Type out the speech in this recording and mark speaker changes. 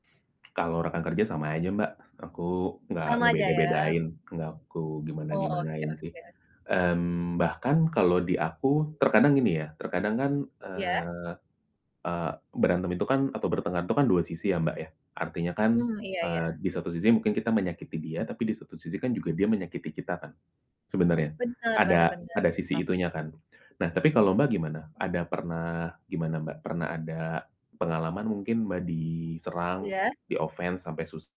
Speaker 1: Kalau rekan kerja sama aja Mbak, aku nggak
Speaker 2: Sama aja ya.
Speaker 1: ngebeda-bedain, nggak aku
Speaker 2: Oh, oke
Speaker 1: gimana-gimanain sih.
Speaker 2: oke.
Speaker 1: Mmm, bahkan kalau di aku terkadang gini ya, terkadang kan,
Speaker 2: Iya.
Speaker 1: eee eee, berantem itu kan atau bertengkar itu kan dua sisi ya Mbak ya, artinya kan,
Speaker 2: Hmm, iya
Speaker 1: eee
Speaker 2: iya.
Speaker 1: di satu sisi mungkin kita menyakiti dia, tapi di satu sisi kan juga dia menyakiti kita kan sebenarnya,
Speaker 2: Bener bener
Speaker 1: ada
Speaker 2: bener,
Speaker 1: ada
Speaker 2: dia
Speaker 1: sisi
Speaker 2: sama.
Speaker 1: itunya kan. Nah, tapi kalau Mbak gimana? Ada pernah gimana Mbak, pernah ada pengalaman mungkin, Mbak diserang,
Speaker 2: Iya.
Speaker 1: di-offense sampai sus